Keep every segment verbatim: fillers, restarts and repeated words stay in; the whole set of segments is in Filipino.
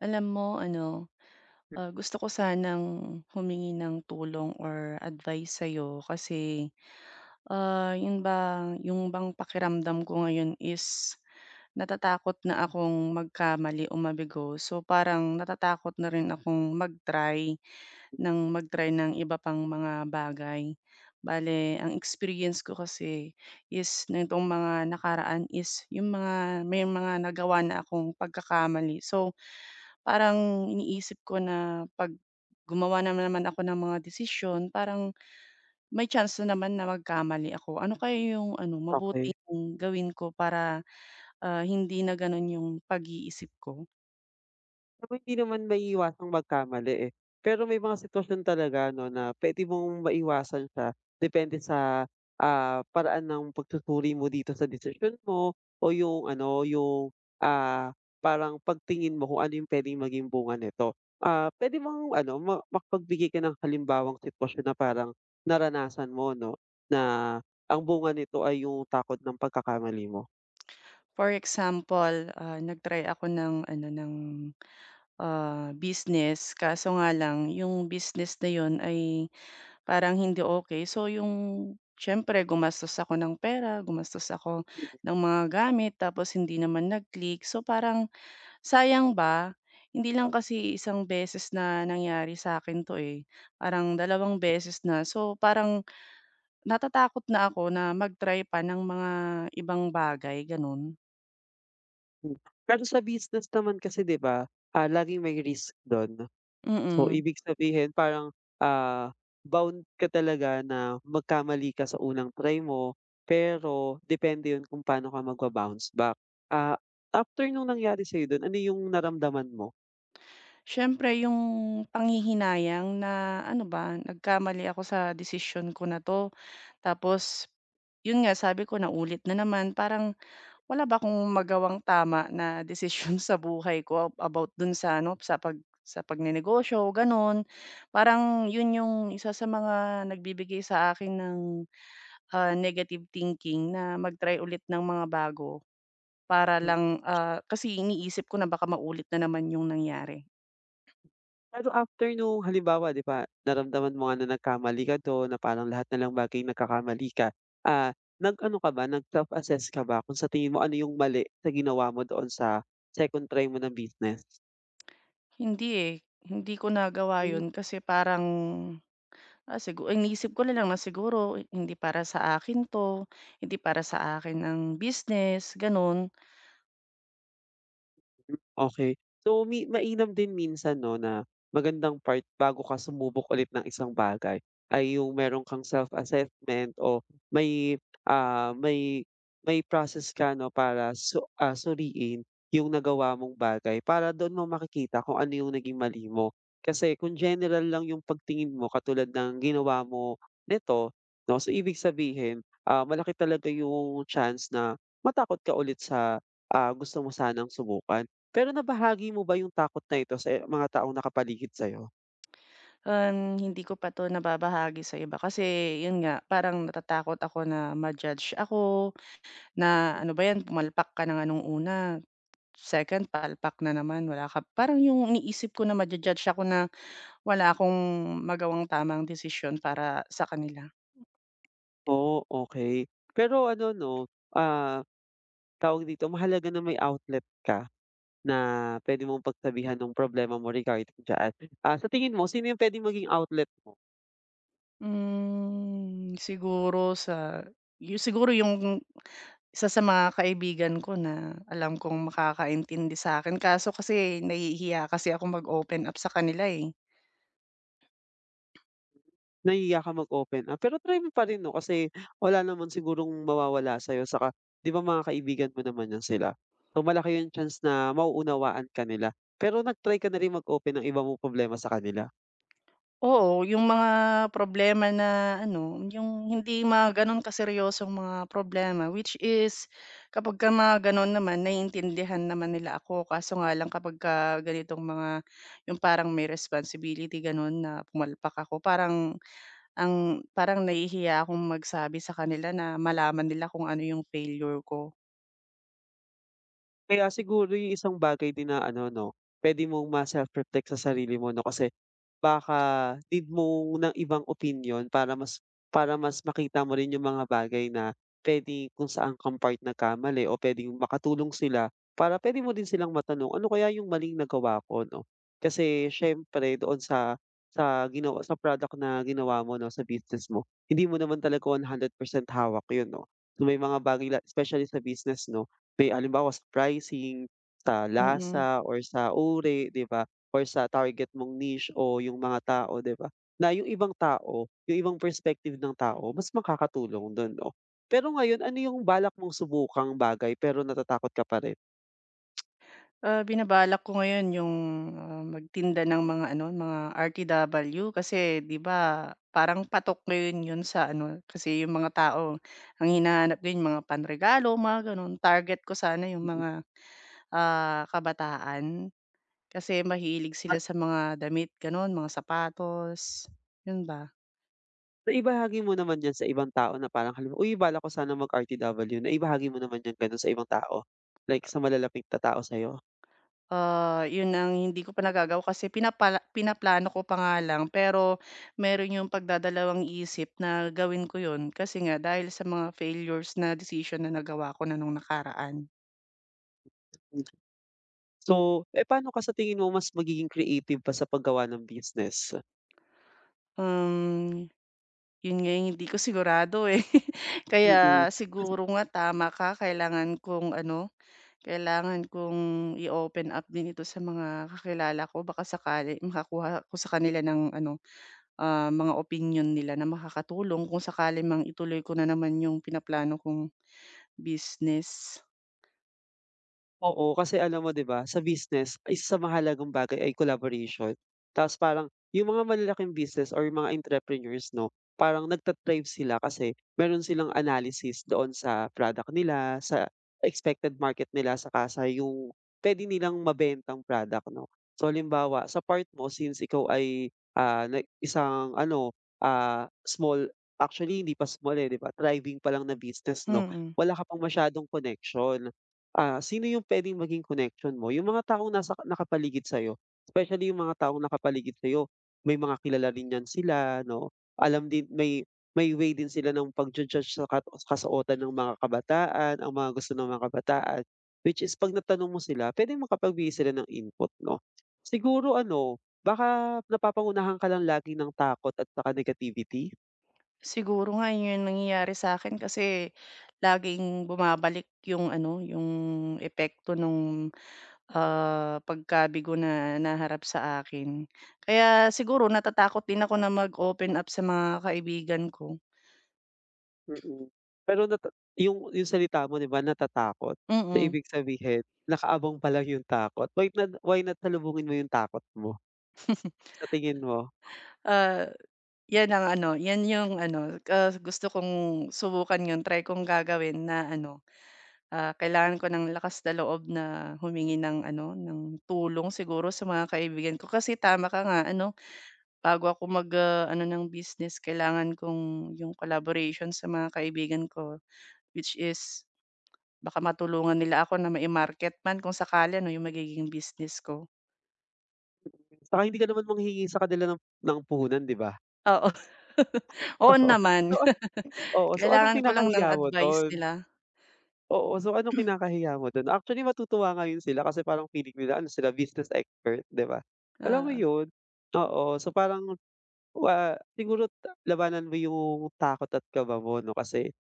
Alam mo ano, M ah, gusto ko sanang humingi ng tulong or advice sa'yo kasi, ah, 'yun bang yung bang pakiramdam ko ngayon is natatakot na akong magkamali o mabigo. So, parang natatakot na rin akong mag-try M ng mag-try ng iba pang mga bagay. Bale, ang experience ko kasi is nitong mga nakaraan is yung mga may mga nagawa na akong pagkakamali. So, parang iniisip ko na 'pag gumawa na naman ako ng mga desisyon, parang may chance na naman na magkamali ako. Ano kaya yung ano, mabuti Okey. kong gawin ko para, ah, hindi na ganun yung pag-iisip ko? Alam mo hindi naman maiiwasang magkamali, eh. Pero may mga sitwasyon talaga 'no, na puwede mong maiwasan siya depende sa, ah, paraan ng pagsusuri mo dito sa desisyon mo o yung ano yung, ah, parang pagtingin mo kung ano yung puwedeng maging bunga nito. Ah, puwede bang ano ma makapagbigay ka ng halimbawang sitwasyon na parang naranasan mo 'no, na ang bunga nito ay yung takot ng pagkakamali mo? For example, ah, nag-try ako ng ano, ng, ah, business kaso nga lang yung business na 'yon ay parang hindi okey. So, yung siyempre gumastos ako ng pera, gumastos ako Mm. ng mga gamit tapos hindi naman nag-click so, parang sayang ba. Hindi lang kasi isang beses na nangyari sa'kin 'to, eh. Parang dalawang M beses na. So, parang natatakot na ako na mag-try pa ng mga ibang bagay, gano'n. Hmm. Pero sa business naman kasi 'di ba, ah, laging may risk do'n. So, Mm. ibig sabihin parang, ah, bound ka talaga na magkamali ka sa unang try mo, pero depende 'yon kung pa'no ka magba-bounce back. Ah, after nung nangyari sa'yo do'n, ano yung naramdaman mo? Siyempre yung panghihinayang na ano ba, nagkamali ako sa desisyon ko na 'to tapos 'yon nga, sabi ko naulit na naman. Parang wala ba akong magawang tama na desisyon sa buhay ko a about don sa ano, sa pag sa pagnenegosyo, gano'n. Parang 'yon yung isa sa mga nagbibigay sa akin ng, ah, negative thinking na mag-try ulit ng mga bago para Hmm. lang, ah, kasi iniisip ko na baka maulit na naman yung nangyari. Pero after nung halimbawa, 'di ba naramdaman mo nga na nagkamali ka do'n, na parang lahat na lang ng bagay nagkakamali ka, ah, nag-ano ka ba, nag-self assess ka ba kung sa tingin mo ano yung mali sa ginawa mo doon sa second try mo na business? Hindi, eh. Hindi ko nagawa Hmm. 'yun kasi parang, ah, sigu iniisip ko nalang na siguro hindi para sa akin 'to, hindi para sa akin ang business, gano'n. M okey. So mi mainam din minsan 'no, na magandang part bago ka sumubok ulit ng isang bagay, ay yung mayro'n kang self assessment o may, ah, may, may process ka 'no, para su ah, suriin yung nagawa mong bagay para doon mo makikita kung ano yung naging mali mo. Kasi kung general lang yung pag-tingin mo katulad ng ginawa mo, nito 'no, so ibig sabihin, ah, malaki talaga yung chance na matakot ka ulit sa, ah, gusto mo sanang subukan. Pero nabahagi mo ba yung takot na ito sa mga taong naka-paligid sa'yo? Ah, hindi ko pa 'to nababahagi sa iba kasi 'yun nga, parang natatakot ako na ma-judge ako, na Ah. ano ba 'yan pumalpak ka na nga nong una, second palpak na naman wala ka parang 'yong iniisip ko na ma-jujudge ako na wala akong magawang tama ang desisyon para sa kanila. Oh, okey. Pero ano 'no, ah, tawag dito mahalaga na may outlet ka, na puwede mong pag-sabihan ng problema mo regarding diyan. Ah, sa tingin mo sino yung puwedeng maging outlet mo? Hmm, siguro sayo siguro yung isa sa mga kaibigan ko na alam kong makakaintindi sa'kin, kaso kasi nahihiya kasi akong mag-open up sa kanila, eh. Nahihiya ka mag open up pero try mo pa rin 'no, kasi wala naman sigurong mawawala sa'yo tsaka 'di ba, mga kaibigan mo naman 'yan sila. So, malaki yung chance na mauunawaan ka nila. Pero nag-try ka na rin mag-open ng iba mong problema sa kanila? Oo, yung mga problema na ano, yung hindi mga gano'n ka seryosong mga problema, which is kapagka mga gano'n naman naiintindihan naman nila ako, kaso nga lang kapagka ganitong mga yung parang may responsibility gano'n na pumalpak ako, parang ang parang nahihiya akong magsabi sa kanila na malaman nila kung ano yung failure ko. Kaya siguro yung isang bagay din na ano 'no, puwede mong ma-self reflect sa sarili mo 'no, kasi baka need mo ng ibang opinyon para mas para mas makita mo rin yung mga bagay na puwede kung saan kang part nagkamali o puwedeng makatulong sila, para puwede mo din silang matanong, "Ano kaya yung maling nagawa ko, ano?" Kasi siyempre doon sa sa gina sa product na ginawa mo 'no, sa business mo, hindi mo naman talaga one hundred percent hawak 'yon 'no. So, may mga bagay la specially sa business 'no, may halimbawa sa pricing, sa Mm. lasa, or sa uri 'di ba, or sa target mong niche o yung mga tao, 'di ba? Na yung ibang tao, yung ibang perspective ng tao mas makakatulong du'n 'no? Pero ngayon ano yung balak mong subukang bagay pero natatakot ka pa rin? Ah, binabalak ko ngayon yung, ah, magtinda ng mga ano, mga R-T-W kasi 'di ba, parang patok ngayon 'yon sa ano, kasi yung mga tao ang hinahanap din yung mga panregalo, mga gano'n. Target ko sana yung Mm. mga, ah, kabataan, kasi mahilig sila At sa mga damit gano'n, mga sapatos, 'yon ba. Naibahagi mo naman 'yan sa ibang tao na parang halimbawa, uy, balak ko sana mag-R-T-W. Naibahagi mo naman 'yan gano'n sa ibang tao? Like, [unintelligible] sa malalapit na tao sa'yo? Ah, yun ang hindi ko pa nagagawa kasi pinapal pinaplano ko pa nga lang, pero meron yung pagdadalawang-isip na gawin ko yun, kasi nga dahil sa mga failures na desisyon na nagawa ko na nung nakaraan. Hmm. So, eh, pa'no ka sa tingin mo mas magiging creative pa sa paggawa ng business? Hmm, 'yon nga yung hindi ko sigurado, eh. Kaya Mm. Kasi siguro nga, tama ka. Kailangan kong ano, kailangan kong i-open up din ito sa mga kakilala ko baka sakali makakuha ako sa kanila ng ano, ah, mga opinyon nila na makakatulong kung sakali mang ituloy ko na naman yung pinaplano kong business. Oo. Kasi alam mo 'di ba, sa business ay isa sa mahalagang bagay ay collaboration. Tapos parang yung mga malalaking business or mga entrepreneurs 'no, parang nagta-thrive sila kasi meron silang analysis doon sa product nila, sa expected market nila, saka sa yung puwede nilang mabentang product 'no. So halimbawa, sa part mo since ikaw ay, ah, na isang ano, ah, small, actually hindi pa small, eh, 'di ba, thriving pa lang na business 'no, Mhm. wala ka pang masyadong connection. Ah, sino yung puwedeng maging connection mo? Yung mga taong nasa nakapaligid sa'yo especially yung mga taong nakapaligid sa'yo, may mga kilala rin 'yan sila 'no. Alam din may may way din sila nung pagju-judge sa kat kasuotan ng mga kabataan, ang mga gusto ng mga kabataan, which is 'pag natanong mo sila, puwedeng makapagbigay sila ng input 'no. Siguro ano, baka napapangunahan ka lang lagi ng takot at saka negativity? Siguro nga yun nga yung nangyayari sa'kin kasi laging bumabalik yung ano, yung epekto nung, ah, pagkabigo na naharap sa akin. Kaya siguro natatakot din ako na mag-open up sa mga kaibigan ko. Mm, pero natat yung yung salita mo, 'di ba natatakot? So Mm. ibig sabihin, nakaabang pa lang yung takot. Why not why not salubungin mo yung takot mo? Sa tingin mo? Ah, 'yan ang ano, 'yan yung ano, ah, gusto kong subukan 'yon, try kong gagawin na ano, ah, kailangan ko ng lakas na loob na humingi ng ano, ng tulong siguro sa mga kaibigan ko. Kasi tama ka nga ano, bago ako mag, ah, ano ng business, kailangan kong yung collaboration sa mga kaibigan ko, which is, baka matulungan nila ako na mai-market man kung sakali 'no, yung magiging business ko. 'Tsaka hindi ka naman manghingi sa kanila ng ng puhunan, 'di ba? Oo. Oo Oo, naman. totoo. Oo, so anong Kailangan ko lang ng kinakahiya mo advice do'n? nila. Oo. So anong kinakahiya mo do'n? Actually, matutuwa nga 'yun sila kasi parang feeling nila ano sila business expert, 'di ba? Alam mo Oo. 'yun? Oo. So parang ah, siguro ta labanan mo 'yung takot at kaba mo 'no, kasi,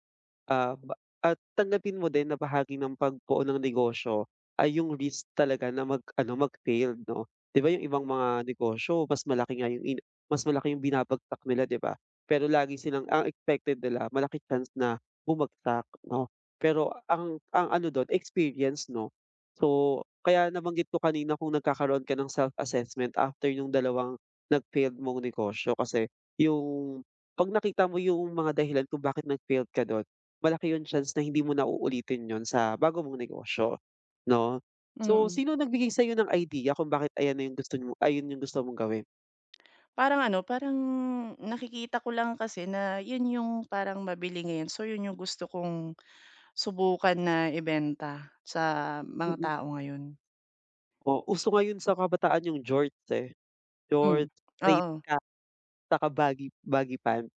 ah, at ba tanggapin mo din na bahagi ng pagbuo ng negosyo ay 'yung risk talaga na mag-ano, mag-failed 'no. 'Di ba, 'yung ibang mga negosyo mas malaki nga 'yung in mas malaki 'yung binabagsak nila, 'di ba? Pero lagi silang ang expected nila malaki chance na bumagsak 'no, pero ang ang ano do'n experience, 'no. So, kaya nabanggit ko kanina kung nagkakaroon ka ng self-assessment after 'yung dalawang nag-failed mong negosyo, kasi 'yung 'pag nakita mo 'yung mga dahilan kung bakit nag-failed ka do'n, malaki 'yung chance na hindi mo na uulitin 'yun sa bago mong negosyo, 'no. So Mm. sino nagbigay sa'yo ng idea kung bakit ayan na 'yung gusto mo ayun 'yung gusto mong gawin? Parang ano, parang nakikita ko lang kasi na 'yon yung parang mabili ngayon. So 'yon yung gusto kong, subukan na ibenta sa mga Mm. tao ngayon. O uso ngayon sa mga kabataan yung jorts, eh, Hmm. jorts, straight Oo. cut 'tsaka baggy baggy pants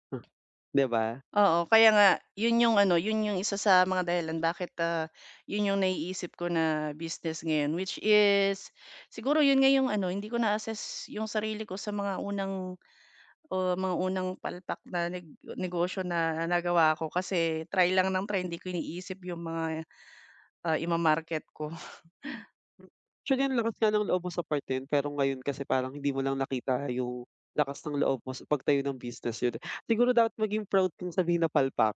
'di ba? Oo, kaya nga 'yon yung ano 'yon yung isa sa mga dahilan bakit, ah, 'yon yung naiisip ko na business ngayon which is siguro 'yon nga yung ano hindi ko na-assess yung sarili ko sa mga unang o mga unang palpak na neg negosyo na nagawa ko kasi try lang ng try hindi ko iniisip yung mga, ah, i-ma-market ko. Actually ang lakas nga ng loob mo sa part na 'yon pero ngayon kasi parang hindi mo lang nakita yung, lakas ng loob mo sa pagtayo ng business, yon. Siguro dapat maging proud kang sabihin na palpak.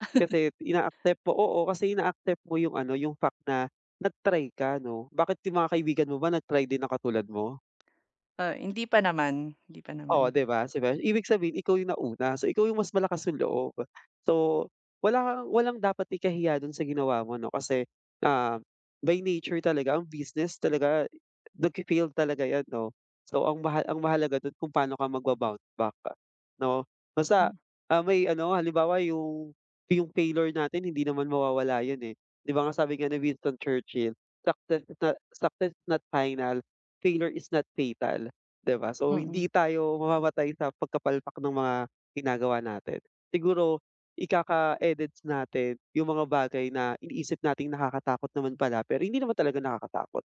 Kasi ina-accept mo oo, kasi ina-accept mo yung ano yung fact na nag-try ka 'no. Bakit yung mga kaibigan mo ba nag-try din na katulad mo? Ah, hindi pa naman, hindi pa Oh, naman. 'di ba? Sabihin ibig sabihin ikaw yung nauna so ikaw yung mas malakas yung loob. So wala kang walang dapat ikahiya do'n sa ginawa mo 'no, kasi, ah, by nature talaga ang business talaga nagfe-failed talaga 'yan 'no. So ang mahal ang mahalaga do'n kung paano ka magba-bounce back 'no? Basta, Hmm. ah, may ano halimbawa yung, yung failure natin hindi naman mawawala 'yon, eh, 'di ba nga sabi nga ni Winston Churchill, success sa "Success is not final, failure is not fatal" 'di ba? So Mm. hindi tayo mamamatay sa pagkapalpak ng mga ginagawa natin, siguro ikaka-edids natin yung mga bagay na iniisip nating nakakatakot naman pala pero hindi naman talaga nakakatakot.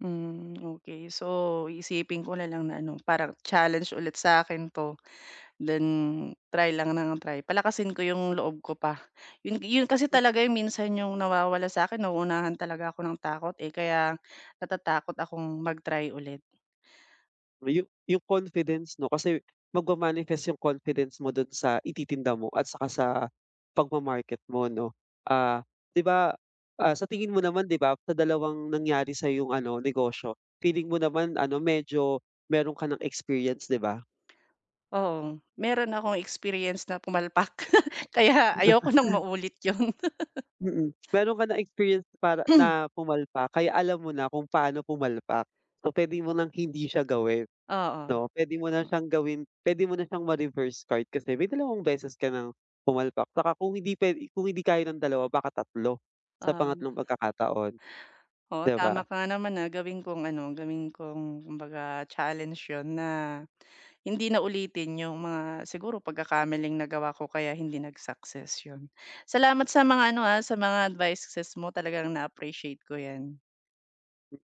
Hmm, okey. So, iisipin ko na lang na ano parang challenge ulit sa akin 'to, then try lang ng try palakasin ko 'yong loob ko pa, 'yon ga 'yon kasi M talaga 'yong minsan 'yong nawawala sa akin nauunahan talaga ako ng takot, eh, kaya natatakot akong mag-try ulit. Oh, yu yung confidence 'no, kasi magma-manifest yung confidence mo do'n sa ititinda mo at saka sa pagma-market mo 'no. Ah, 'di ba, ah, sa tingin mo naman 'di ba sa dalawang nangyari sa'yong ano negosyo feeling mo naman ano medyo mayro'n ka ng experience 'di ba? Oo, mayro'n akong experience na pumalpak kaya ayoko ng maulit 'yon. Mm, mayro'n ka na-experience na para na pumalpak kaya alam mo na kung paano pumalpak. So puwede mo ng hindi siya gawin, Oo. 'no. puwede mo na siyang gawin puwede mo na siyang ma-reverse card kasi may dalawang beses ka ng pumalpak 'tsaka kung hindi puwede kung hindi kaya ng dalawa baka tatlo sa Oh. pangatlong pagkakataon. Oo, 'Di ba? tama ka nga naman, ah, gawin kong ano, gawin kong kumbaga challenge 'yon na, hindi na ulitin yung mga siguro pagkakamaling nagawa ko kaya hindi nag-success, 'yon. Salamat sa mga ano, ah, sa mga advices mo talagang na-appreciate ko 'yan.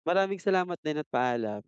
Maraming salamat din at paalam.